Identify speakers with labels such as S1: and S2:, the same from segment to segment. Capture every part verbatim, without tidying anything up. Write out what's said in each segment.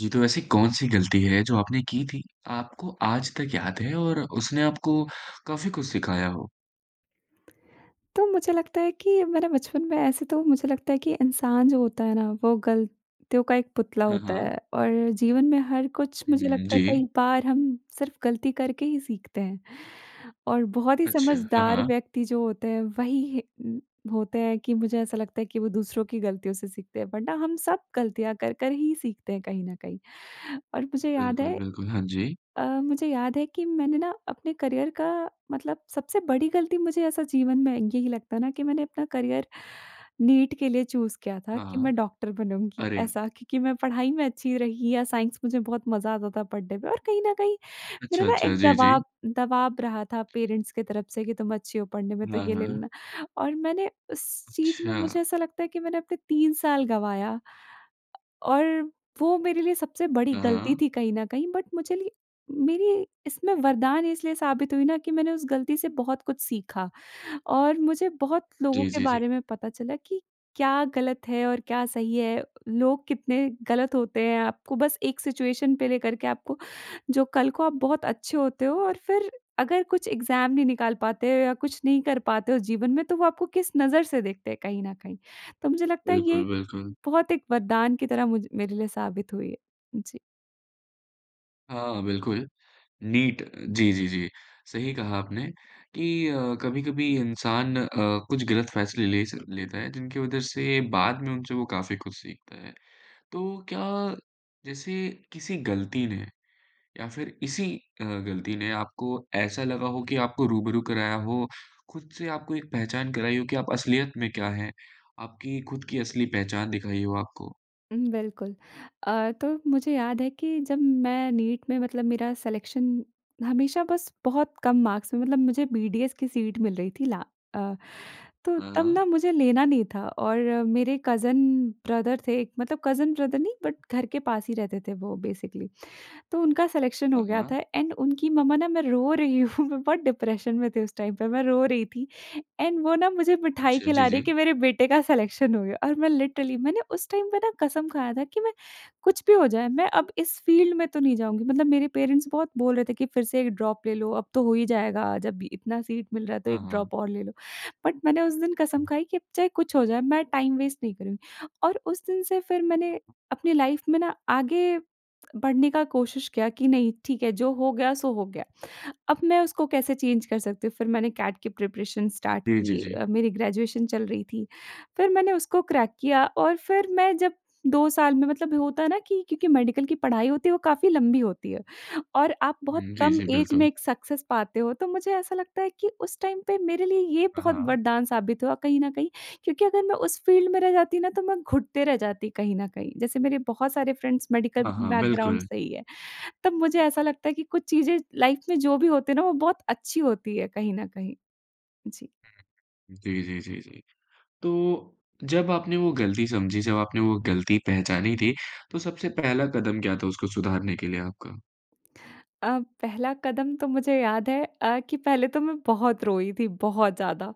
S1: जी तो ऐसी कौन-सी गलती है जो आपने की थी, आपको आज तक याद है और उसने आपको काफ़ी कुछ सिखाया हो?
S2: तो मुझे लगता है कि मेरा बचपन मैं ऐसे तो मुझे लगता है कि इंसान जो होता है ना वो गलतियों का एक पुतला
S1: हाँ,
S2: होता
S1: हाँ।
S2: है और जीवन में हर कुछ
S1: हुँ,
S2: मुझे
S1: हुँ।
S2: लगता है कई
S1: जी।
S2: बार हम सिर्फ़ गलती करके ही सीखते हैं। और बहुत ही
S1: अच्छा। हाँ,
S2: समझदार
S1: हाँ।
S2: व्यक्ति जो होते हैं वही होते हैं कि मुझे ऐसा लगता है कि वो दूसरों की गलतियों से सीखते हैं वरना हम सब गलतियाँ कर-कर ही सीखते हैं कहीं न कहीं। और मुझे याद
S1: बिल्कुल,
S2: है
S1: बिल्कुल। हाँ जी।
S2: अ, मुझे याद है कि मैंने ना अपने करियर का मतलब सबसे बड़ी गलती मुझे ऐसा जीवन में यही लगता है ना कि मैंने अपना करियर नीट के लिए चूज़ किया था
S1: हाँ,
S2: कि
S1: हाँ।
S2: मैं डॉक्टर बनूँगी।
S1: अरे!
S2: ऐसा क्योंकि मैं पढ़ाई में अच्छी रही या साइंस मुझे बहुत मज़ा आता था पढ़ने में और कहीं न कहीं मेरा
S1: अच्छा,
S2: ना
S1: अच्छा।
S2: एक
S1: जी, जी।
S2: दवाब दवाब रहा था पेरेंट्स की तरफ से कि तुम अच्छी हो पढ़ने में तो
S1: हाँ,
S2: ये ले
S1: हाँ।
S2: लेना। और मैंने उस चीज़ में
S1: अच्छा।
S2: मुझे ऐसा लगता है कि मैंने अपने तीन साल गँवाया। अ, और वो मेरे लिए सबसे बड़ी
S1: हाँ,
S2: गलती
S1: हाँ।
S2: थी कहीं न कहीं। बट मुझे ली मेरी इसमें वरदान इसलिए साबित हुई ना कि मैंने उस गलती से बहुत कुछ सीखा। और मुझे बहुत लोगों
S1: जी,
S2: के
S1: जी, जी।
S2: बारे में पता चला कि क्या गलत है और क्या सही है, लोग कितने गलत होते हैं आपको बस एक सिचुएशन पे लेकर के आपको जो कल को आप बहुत अच्छे होते हो और फ़िर अगर कुछ एग्जाम नहीं निकाल पाते हो या कुछ नहीं कर पाते हो जीवन में तो वो आपको किस नज़र से देखते हैं कहीं न कहीं। तो मुझे लगता है ये
S1: बिल्कुल, बिल्कुल।
S2: बहुत एक वरदान की तरह मुझ मेरे लिए साबित हुई है। जी।
S1: हाँ, बिल्कुल। नीट जी, जी, जी। सही कहा आपने, कि अ, कभी-कभी इंसान अ, कुछ गलत फ़ैसले ले स लेता है, जिनकी वजह से बाद में उनसे वो काफ़ी कुछ सीखता है। तो क्या जैसे किसी गलती ने या फिर इसी अ, गलती ने आपको ऐसा लगा हो कि आपको रूबरू कराया हो, खुद से आपको एक पहचान कराई हो कि आप असलियत में क्या हैं, आपकी खुद की असली पहचान दिखाई हो आपको?
S2: हुँ, बिल्कुल। अ, तो मुझे याद है कि जब मैं नीट में मतलब मेरा सिलेक्शन हमेशा बस बहुत कम मार्क्स में मतलब मुझे बीडीएस की सीट मिल रही थी ला अ, तो
S1: हाँ,
S2: तब ना
S1: हाँ।
S2: मुझे लेना नहीं था और मेरे कज़िन ब्रदर थे एक मतलब कज़िन ब्रदर नहीं, बट घर के पास ही रहते थे वो बेसिकली। तो उनका सिलेक्शन हो
S1: हाँ,
S2: गया
S1: हाँ।
S2: था एंड उनकी मम्मा ना मैं रो रही हूँ, मैं बहुत डिप्रेशन में थी उस टाइम पे, मैं रो रही थी, एंड वो ना मुझे मिठाई
S1: अच्छा, जी,
S2: खिला रही है कि
S1: जी।
S2: मेरे बेटे का सिलेक्शन हो गया। और मैं लिटरली मैंने उस टाइम पे ना कसम खाया था कि मैं कुछ भी हो जाए, मैं अब इस फील्ड में तो नहीं जाऊँगी। मतलब मेरे पेरेंट्स बोल रहे थे कि, "फिर से एक ड्रॉप ले लो, अब तो हो ही जाएगा, जब इतना सीट मिल रहा है तो
S1: हाँ,
S2: एक
S1: हाँ।
S2: ड्रॉप और ले लो" बट मैंने उस दिन कसम खाई कि अब चाहे कुछ हो जाए, मैं टाइम वेस्ट नहीं करुँगी। और उस दिन से फिर मैंने अपनी लाइफ़ में ना आगे, बढ़ने का कोशिश किया कि नहीं, ठीक है जो हो गया सो हो गया। अब मैं उसको कैसे चेंज कर सकती हूँ। फिर मैंने कैट की प्रिपरेशन स्टार्ट
S1: जी, जी,
S2: की
S1: जी।
S2: अ, मेरी ग्रेजुएशन चल रही थी। फिर मैंने उसको क्रैक किया और फिर मैं जब दो साल में मतलब होता है ना कि क्योंकि मेडिकल की पढ़ाई होती है, वो काफ़ी लंबी होती है, और आप बहुत
S1: हुँ, जी,
S2: कम
S1: जी,
S2: ऐज में
S1: बिल्कुल।
S2: एक सक्सेस पाते हो। तो मुझे ऐसा लगता है कि उस टाइम पे मेरे लिए ये
S1: हाँ,
S2: बहुत
S1: हाँ।
S2: वरदान साबित हुआ कहीं न कहीं, क्योंकि अगर मैं उस फील्ड में रह जाती ना, तो मैं घुटते रह जाती कहीं न कहीं। जैसे मेरे बहुत सारे फ्रेंड्स मेडिकल
S1: हाँ, हाँ,
S2: बैकग्राउंड
S1: बिल्कुल।
S2: से ही हैं। तब मुझे ऐसा लगता है कि कुछ चीज़ें लाइफ़ में जो भी होते हैं ना, वो बहुत अच्छी होती हैं कहीं न कहीं। जी।
S1: हुँ, हुँ, हुँ। जी, जी, जी, जी। तो, जब आपने वो गलती समझी, जब आपने वो गलती पहचानी थी, तो सबसे पहला कदम क्या था उसको सुधारने के लिए आपका?
S2: अ, पहला कदम तो मुझे याद है अ, कि पहले तो मैं बहुत रोई थी, बहुत ज़्यादा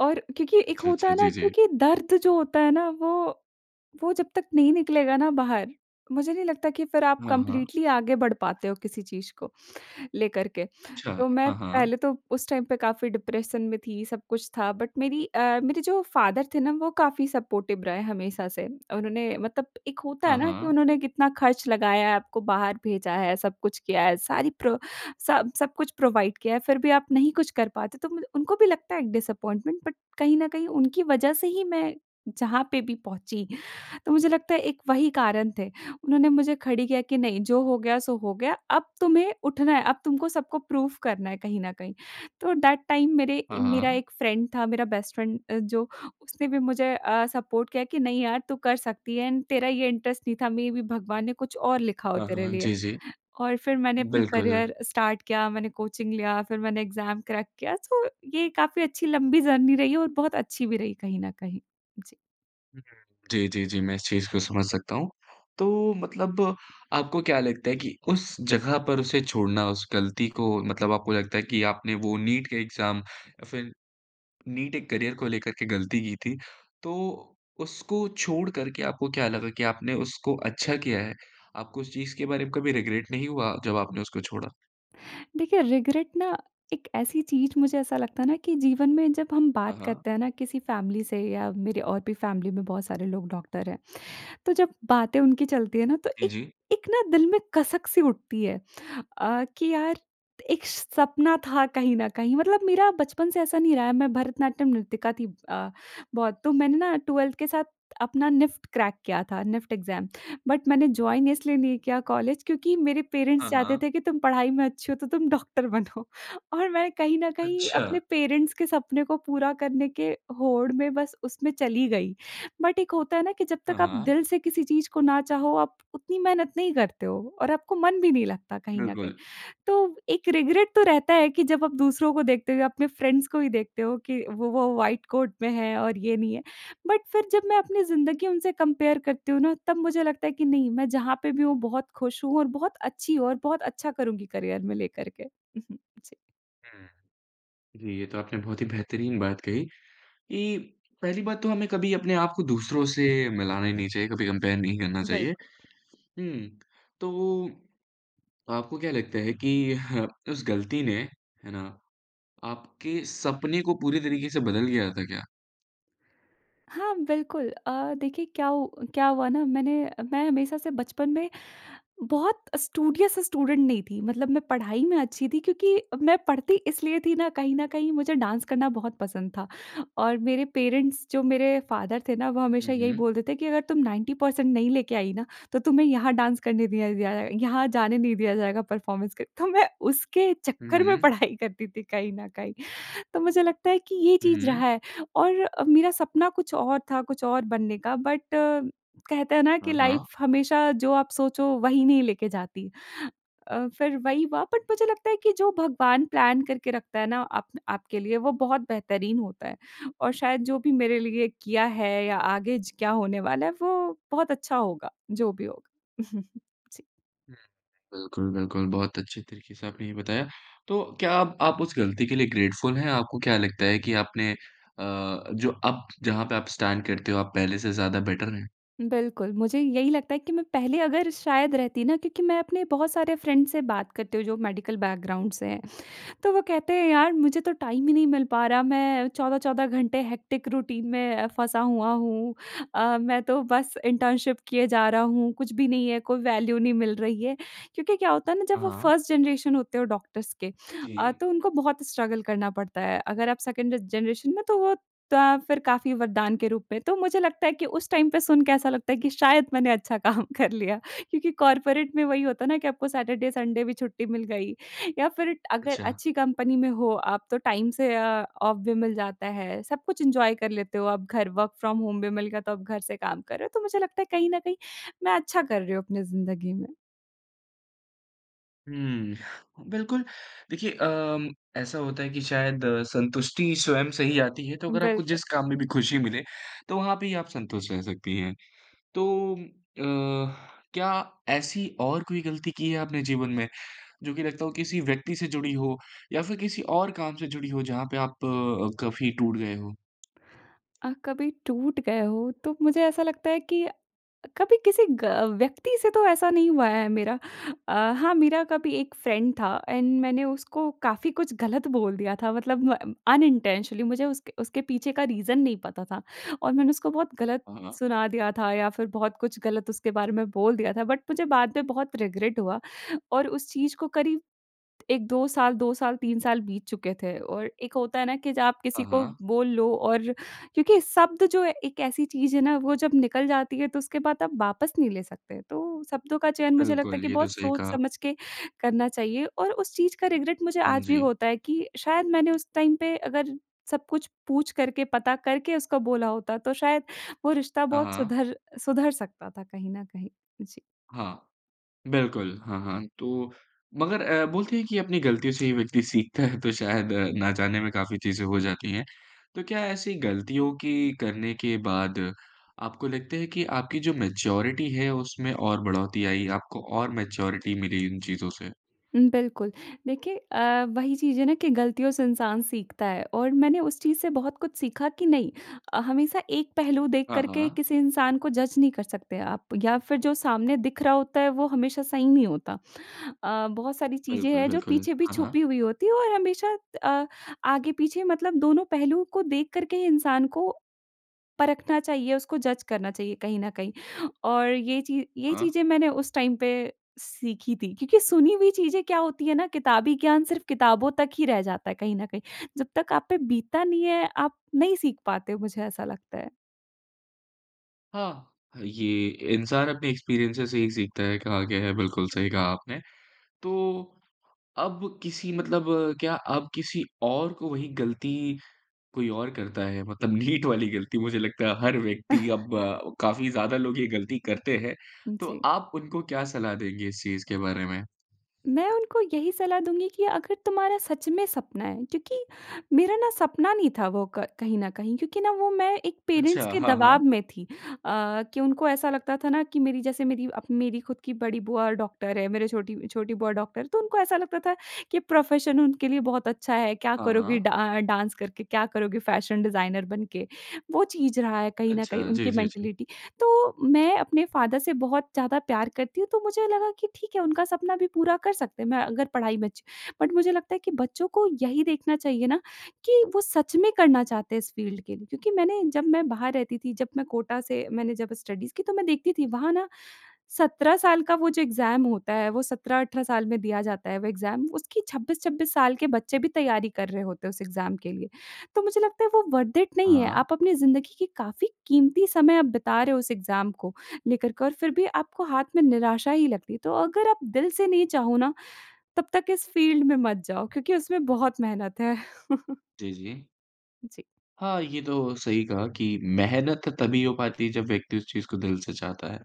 S2: और क्योंकि एक
S1: अच्छा,
S2: होता
S1: अच्छा।
S2: है ना
S1: जी, जी।
S2: क्योंकि दर्द जो होता है ना वो वो जब तक नहीं निकलेगा ना बाहर मुझे नहीं लगता कि फिर आप
S1: हाँ, हाँ।
S2: कम्प्लीटली आगे बढ़ पाते हो किसी चीज़ को लेकर के।
S1: अच्छा।
S2: तो मैं
S1: हाँ, हाँ।
S2: पहले तो उस टाइम पे काफ़ी डिप्रेशन में थी, सब कुछ था बट मेरी अ, मेरे जो फादर थे ना वो काफ़ी सपोर्टिव रहे हमेशा से। उन्होंने मतलब एक होता है
S1: हाँ,
S2: ना कि
S1: हाँ।
S2: उन्होंने कितना खर्च लगाया, आपको बाहर भेजा है, सब कुछ किया है, सारी प्रो स सब कुछ प्रोवाइड किया है, फिर भी आप नहीं कुछ कर पाते तो मतलब उनको भी लगता है एक डिसअपॉइंटमेंट, बट कहीं न कहीं उनकी वजह से ही मैं जहाँ पे भी पहुँची तो मुझे लगता है एक वही कारण थे। उन्होंने मुझे खड़ी किया कि, नहीं जो हो गया, सो हो गया, अब तुम्हें उठना है, अब तुमको सबको प्रूफ करना है कहीं ना कहीं। तो दैट टाइम मेरे
S1: हाँ,
S2: मेरा
S1: हाँ।
S2: एक फ्रेंड था, मेरा बेस्ट फ्रेंड जो उसने भी मुझे अ, सपोर्ट किया कि, "नहीं यार तू कर सकती है। एंड तेरा ये इंटरेस्ट नहीं था मेबी भगवान ने कुछ और लिखा हो
S1: हाँ,
S2: तेरे
S1: हाँ।
S2: लिए।"
S1: जी, जी।
S2: और फिर मैंने अपनी
S1: बिल्कुल।
S2: करियर स्टार्ट किया, मैंने कोचिंग लिया फिर मैंने एग्ज़ाम क्रैक किया सो ये काफ़ी अच्छी लंबी जर्नी रही और बहुत अच्छी भी रही कहीं न कहीं। जी।
S1: हुँ, हुँ। जी, जी, जी मैं इस चीज़ को समझ सकता हूँ। तो मतलब आपको क्या लगता है कि उस जगह पर उसे छोड़ना उस गलती को मतलब आपको लगता है कि आपने वो नीट के एग्ज़ाम या फ़िर नीट एक करियर को लेकर के गलती की थी। तो उसको छोड़ कर के आपको क्या लगा कि आपने उसको अच्छा किया है? आपको उस चीज़ के बारे में कभी रिग्रेट नहीं हुआ जब आपने उसको छोड़ा?
S2: देखिए रिग्रेट ना एक ऐसी चीज़ मुझे ऐसा लगता है ना कि जीवन में जब हम
S1: हाँ,
S2: बात
S1: हाँ।
S2: करते हैं ना किसी फैमिली से या मेरे और भी फैमिली में बहुत सारे लोग डॉक्टर हैं। तो जब बातें उनकी चलती है ना तो
S1: जी,
S2: एक
S1: जी।
S2: एक ना दिल में कसक सी उठती है। अ, कि यार एक श सपना था कहीं न कहीं मतलब मेरा बचपन से ऐसा नहीं रहा है। मैं भरतनाट्यम नृतिका थी अ, बहुत। तो मैंने ना ट्वेल्थ के साथ अपना निफ्ट क्रैक किया था, निफ्ट एग्ज़ाम। बट मैंने जॉइन इसलिए नहीं किया कॉलेज क्योंकि मेरे पेरेंट्स
S1: हाँ,
S2: चाहते
S1: हाँ।
S2: थे कि तुम पढ़ाई में अच्छी हो तो तुम डॉक्टर बनो और मैं कहीं न कहीं अपने
S1: अच्छा।
S2: पेरेंट्स के सपने को पूरा करने के होड़ में बस उसमें चली गई। बट एक होता है ना कि जब
S1: हाँ,
S2: तक आप
S1: हाँ।
S2: दिल से किसी चीज़ को ना चाहो आप उतनी मेहनत नहीं करते हो और आपको मन भी नहीं लगता कहीं न कहीं।
S1: बिल्कुल।
S2: तो व एक रिग्रेट तो रहता है कि जब आप दूसरों को देखते हो या अपने फ्रेंड्स को ही देखते हो कि वो वो व्हाइट कोट में है और ये नहीं है। बट फ़िर जब मैं अपनी जिंदगी उनसे कंपेयर करती हूँ ना तब मुझे लगता है कि नहीं, मैं जहाँ पे भी हूँ बहुत खुश हूँ और बहुत अच्छी हूँ और बहुत अच्छा करूँगी करियर में लेकर के। जी।
S1: हुँ। जी, ये तो आपने बहुत ही बेहतरीन बात कही, कि पहली बात तो हमें कभी अपने आप को दूसरों से मिलाना ही नहीं चाहिए, कभी कंपेयर नहीं करना चाहिए।
S2: बिल्क
S1: हुँ। तो वो, आपको क्या लगता है कि ह उस गलती ने, है ना? आपके सपने को पूरे तरीके से बदल गया था क्या?
S2: हाँ, बिल्कुल अ, देखिए क्या उ क्या हुआ ना मैंने मैं हमेशा से बचपन में बहुत स्टूडियस स्टूडेंट नहीं थी मतलब मैं पढ़ाई में अच्छी थी। क्योंकि मैं पढ़ती इसलिए थी ना, कहीं न कहीं मुझे डांस करना बहुत पसंद था और मेरे पेरेंट्स जो मेरे फादर थे ना वो
S1: हुँ,
S2: हमेशा यही
S1: हुँ।
S2: बोलते थे, "कि अगर तुम नाइंटी पर्सेंट नहीं लेके आई ना, तो तुम्हें यहाँ डांस करने दिया ज जाए, यहाँ जाने नहीं दिया जाएगा परफॉर्मेंस के।" तो मैं उसके
S1: हुँ,
S2: चक्कर में
S1: हुँ।
S2: पढ़ाई करती थी कहीं न कहीं। तो मुझे लगता है कि ये
S1: हुँ,
S2: चीज़
S1: हुँ।
S2: रहा है और मेरा सपना कुछ और था, कुछ और बनने का बट कहते हैं ना कि
S1: हाँ,
S2: लाइफ
S1: हाँ।
S2: हमेशा जो आप सोचो वही नहीं लेके जाती। अ, फिर वही हुआ बट मुझे लगता है कि जो भगवान प्लान करके रखता है ना, आप आपके लिए, वो बहुत बेहतरीन होता है और शायद जो भी मेरे लिए किया है या आगे ज क्या होने वाला है, वो बहुत अच्छा होगा, जो भी होगा। जी।
S1: हुँ। बिल्कुल, बिल्कुल। बहुत अच्छे तरीके से आपने ये बताया, तो क्या आप आप उस गलती के लिए ग्रेटफुल हैं? आपको क्या लगता है कि आपने अ, जो अब जहाँ पे आप स्टैंड करते हो, आप पहले से ज़्यादा बेटर है?
S2: बिल्कुल। मुझे यही लगता है कि मैं पहले अगर शायद रहती ना क्योंकि मैं अपने बहुत सारे फ्रेंड्स से बात करती हूँ जो मेडिकल बैकग्राउंड से हैं। तो वो कहते हैं यार मुझे तो टाइम ही नहीं मिल पा रहा, मैं चौदह चौदह घंटे हेक्टिक रूटीन में फँसा हुआ हूँ। अ, मैं तो बस इंटर्नशिप किए जा रहा हूँ, कुछ भी नहीं है, कोई वैल्यू नहीं मिल रही है। क्योंकि क्या होता है ना जब
S1: हाँ,
S2: वो
S1: हाँ।
S2: फर्स्ट जनरेशन होते हो डॉक्टर्स के अ,
S1: जी।
S2: तो उनको बहुत स्ट्रगल करना पड़ता है। अगर आप सेकंड जनरेशन में तो वो त फिर काफ़ी वरदान के रूप में, तो मुझे लगता है कि उस टाइम पे सुन के ऐसा लगता है कि शायद मैंने अच्छा काम कर लिया। क्योंकि कॉर्पोरेट में वही होता है ना कि आपको सैटरडे, संडे भी छुट्टी मिल गई या फिर अगर
S1: अच्छा।
S2: अच्छी कंपनी में हो आप तो टाइम से अ, ऑफ भी मिल जाता है। सब कुछ एन्जॉय कर लेते हो आप घर वर्क फ्रॉम होम भी मिल गया तो आप घर से काम कर रहे हो, तो मुझे लगता है कहीं न कहीं मैं अच्छा कर रही हूँ अपनी ज़िन्दगी में।
S1: हुँ। बिल्कुल। देखिए अम, ऐसा होता है कि शायद संतुष्टि स्वयं से ही आती है, तो अगर आपको
S2: बिल्कुल।
S1: जिस काम में भी खुशी मिले, तो वहाँ पे ही आप संतुष्ट रह सकती हैं। तो अ, क्या ऐसी और कोई गलती की है आपने जीवन में, जो कि लगता हो किसी व्यक्ति से जुड़ी हो या फिर किसी और काम से जुड़ी हो, जहाँ पे आप अ, काफ़ी टूट गए हो?
S2: अ, कभी टूट गए हो, तो मुझे ऐसा लगता है कि कभी किसी ग व्यक्ति से तो ऐसा नहीं हुआ है मेरा। अ, हाँ, मेरा कभी एक फ्रेंड था एंड मैंने उसको काफ़ी कुछ गलत बोल दिया था, मतलब म अनइंटेंशनली। मुझे उसके उसके पीछे का रीज़न नहीं पता था और मैंने उसको बहुत गलत
S1: हाँ, हाँ।
S2: सुना दिया था या फिर बहुत कुछ गलत उसके बारे में बोल दिया था बट मुझे बाद में बहुत रिग्रेट हुआ और उस चीज़ को करीब एक दो साल दो साल, तीन साल बीत चुके थे और एक होता है ना कि जब आप
S1: हाँ,
S2: किसी को
S1: हाँ।
S2: बोल लो और क्योंकि शब्द जो है एक ऐसी चीज़ है ना, वो जब निकल जाती है, तो उसके बाद आप वापस नहीं ले सकते। तो शब्दों का चयन मुझे लगता है
S1: बिल्कुल,
S2: कि
S1: ये तो
S2: बहुत
S1: सही
S2: सोच
S1: कहा।
S2: समझ के करना चाहिए और उस चीज़ का रिग्रेट मुझे
S1: हाँ
S2: आज भी
S1: जी।
S2: होता है कि शायद मैंने उस टाइम पे अगर सब कुछ पूछ करके, पता करके उसको बोला होता, तो शायद वो रिश्ता
S1: हाँ,
S2: बहुत
S1: हाँ।
S2: सुधर सुधर सकता था कहीं न कहीं। जी।
S1: हाँ। बिल्कुल। हाँ, हाँ, तो मगर अ, बोलते हैं कि अपनी गलतियों से ही व्यक्ति सीखता है, तो शायद ना जाने में काफ़ी चीज़ें हो जाती हैं। तो क्या ऐसी गलतियों की करने के बाद आपको लगता है कि आपकी जो मैच्योरिटी है, उसमें और बढ़ोतरी आई, आपको और मैच्योरिटी मिली इन चीज़ों से?
S2: उम, बिल्कुल। देखिए अ, वही चीज़ है ना कि गलतियों से इंसान सीखता है और मैंने उस चीज़ से बहुत कुछ सीखा कि नहीं अ, हमेशा एक पहलू देख
S1: हाँ,
S2: कर के
S1: हाँ।
S2: किसी इंसान को जज नहीं कर सकते आप या फिर जो सामने दिख रहा होता है, वो हमेशा सही नहीं होता। अ, बहुत सारी चीज़ें
S1: बिल्कुल,
S2: हैं, जो
S1: बिल्कुल।
S2: पीछे भी
S1: हाँ, हाँ।
S2: छुपी हुई होती हैं और हमेशा अ, आगे-पीछे मतलब दोनों पहलूओं को देख कर के ही इंसान को परखना चाहिए, उसको जज करना चाहिए कहीं न कहीं और ये चीज़ ये
S1: हाँ।
S2: चीज़ें मैंने उस टाइम पे सीखी थी क्योंकि सुनी हुई चीज़ें क्या होती हैं ना, किताबी ज्ञान सिर्फ़ किताबों तक ही रह जाता है कहीं न कहीं। जब तक आप पे बीतता नहीं है, आप नहीं सीख पाते हो, मुझे ऐसा लगता है।
S1: हाँ। ये इंसान अपने एक्सपीरियंसेज़ से ही सीखता है कहा गया है बिल्कुल सही कहा आपने। तो अब किसी मतलब क्या अब किसी और को वही गलती, कोई और करता है मतलब नीट वाली गलती। मुझे लगता है हर व्यक्ति अब अ, काफ़ी ज़्यादा लोग ये गलती करते हैं। तो
S2: जी।
S1: आप उनको क्या सलाह देंगे इस चीज़ के बारे में?
S2: मैं उनको यही सलाह दूँगी कि अगर तुम्हारा सच में सपना है क्योंकि मेरा ना सपना नहीं था वो क कहीं न कहीं। क्योंकि ना वो मैं एक पेरेंट्स
S1: अच्छा।
S2: के
S1: हाँ, हाँ।
S2: दवाब में थी। अ, कि उनको ऐसा लगता था ना कि मेरी जैसे मेरी अब मेरी ख़द की बड़ी बुआ डॉक्टर है। मेरे छोटी छोटी बुआ डॉक्टर है। तो उनको ऐसा लगता था कि प्रोफेशन उनके लिए बहुत अच्छा है, क्या
S1: हाँ,
S2: करोगी
S1: हाँ।
S2: डा डांस करके क्या करोगी फैशन डिज़ाइनर बनके। वो चीज़ रहा है कहीं न कहीं
S1: अच्छा। जी,
S2: उनकी
S1: जी, जी।
S2: मेंटालिटी। तो मैं अपने फादर से बहुत ज़्यादा प्यार करती हूँ तो मुझे लगा कि ठीक है उनका सपना भी पूरा कर सकते हैं मैं अगर पढ़ाई में अच्छी। बट मुझे लगता है कि बच्चों को यही देखना चाहिए ना कि वो सच में करना चाहते हैं इस फील्ड के लिए। क्योंकि मैंने जब मैं बाहर रहती थी जब मैं कोटा से मैंने जब स्टडीज की तो मैं देखती थी वहाँ ना सत्रह साल का वो जो एग्जाम होता है। वो सत्रह-अठारह साल में दिया जाता है वो सत्रह-अठारह एग्जाम उसकी छब्बीस-छब्बीस साल के बच्चे भी तैयारी कर रहे होते हैं उस एग्जाम के लिए। तो मुझे लगता है वो वर्थ इट नहीं है।
S1: हाँ।
S2: आप अपनी जिंदगी की काफ़ी कीमती समय आप बिता रहे हो उस एग्जाम को लेकर के। और फ़िर भी आपको हाथ में निराशा ही लगती है। तो अगर आप दिल से नहीं चाहो ना तब तक इस फील्ड में मत जाओ क्योंकि उसमें बहुत मेहनत है।
S1: जी, जी।
S2: जी।
S1: हाँ, ये तो सही कहा कि मेहनत तभी हो पाती है जब व्यक्ति उस चीज़ को दिल से चाहता है।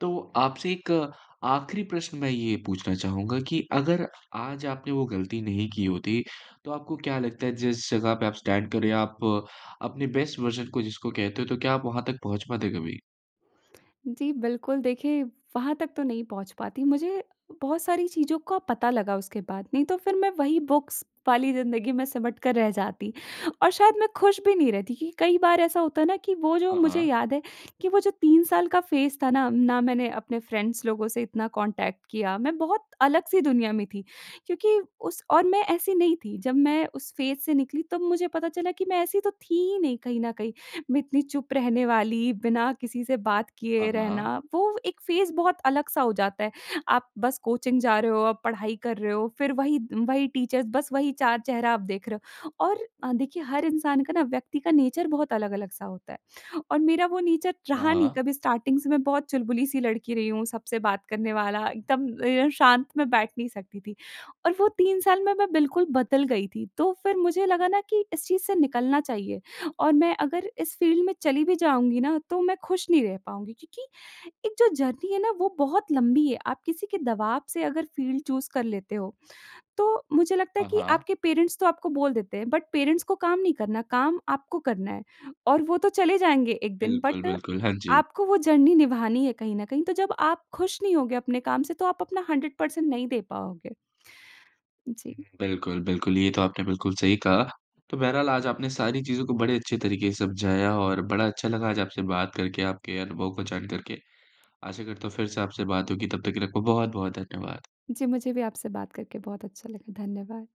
S1: तो आपसे एक आखिरी प्रश्न मैं ये पूछना चाहूँगा कि अगर आज आपने वो गलती नहीं की होती, तो आपको क्या लगता है जिस जगह पे आप स्टैंड कर रहीं हैं आप अपने बेस्ट वर्जन को जिसको कहते हो तो क्या आप वहाँ तक पहुँच पाते कभी?
S2: जी बिल्कुल देखिए वहाँ तक तो नहीं पहुँच पाती, मुझे बहुत सारी चीज़ों का पता लगा उसके बाद नहीं तो फ़िर मैं वही बुक्स वाली ज़िंदगी में सिमट कर रह जाती और शायद मैं खुश भी नहीं रहती कि कई बार ऐसा होता है ना कि वो जो
S1: हाँ,
S2: मुझे
S1: हाँ।
S2: याद है कि वो जो तीन साल का फेज़ था ना, ना मैंने अपने फ्रेंड्स लोगों से इतना कॉन्टैक्ट किया मैं बहुत अलग-सी दुनिया में थी। क्योंकि उस और मैं ऐसी नहीं थी जब मैं उस फेज़ से निकली तब मुझे पता चला कि मैं ऐसी तो थी ही नहीं कहीं न कहीं। मैं इतनी चुप रहने वाली बिना किसी से बात किए
S1: हाँ, हाँ।
S2: रहना वो एक फेज़ बहुत अलग सा हो जाता है आप बस कोचिंग जा रहे हो आप पढ़ाई कर रहे हो फ़िर वही वही टीचर्स बस वही चार चेहरा आप देख रहे हो। और अ, देखिए हर इंसान का ना व्यक्ति का नेचर बहुत अलग-अलग सा होता है और मेरा वो नेचर
S1: हाँ,
S2: रहा नहीं
S1: हाँ।
S2: कभी स्टार्टिंग से मैं बहुत चुलबुली सी लड़की रही हूँ सबसे बात करने वाला एकदम अ, शांत मैं बैठ नहीं सकती थी और वो तीन साल में मैं बिल्कुल बदल गई थी। तो फ़िर मुझे लगा ना कि इस चीज़ से निकलना चाहिए और मैं अगर इस फील्ड में चली भी जाऊँगी ना तो मैं खुश नहीं रह पाऊँगी। क्योंकि एक जो जर्नी है ना वो बहुत लंबी है आप किसी के दबाव से अगर फील्ड चूज़ कर लेते हो, तो मुझे लगता है
S1: हाँ,
S2: कि
S1: हाँ।
S2: आपके पेरेंट्स तो आपको बोल देते हैं। बट पेरेंट्स को काम नहीं करना काम आपको करना है। और वो तो चले जाएँगे एक दिन
S1: बिल्कुल,
S2: बट
S1: बिल्कुल हाँ जी।
S2: आपको वो जर्नी निभानी है कहीं न कहीं तो जब आप खुश नहीं होंगे अपने काम से तो आप अपना हंड्रेड पर्सेंट नहीं दे पाओगे। जी।
S1: हुँ, बिल्कुल, बिल्कुल ये तो आपने बिल्कुल सही कहा। तो बहरहाल आज आपने सारी चीज़ों को बड़े अच्छे तरीके से समझाया और बड़ा अच्छा लगा आज आपसे बात करके आपके अनुभव को जान करके। आशा करता हूँ फ़िर से आपसे बात होगी। तब तक के लिए आपका बहुत-बहुत धन्यवाद।
S2: जी मुझे भी आपसे बात करके बहुत अच्छा लगा। धन्यवाद।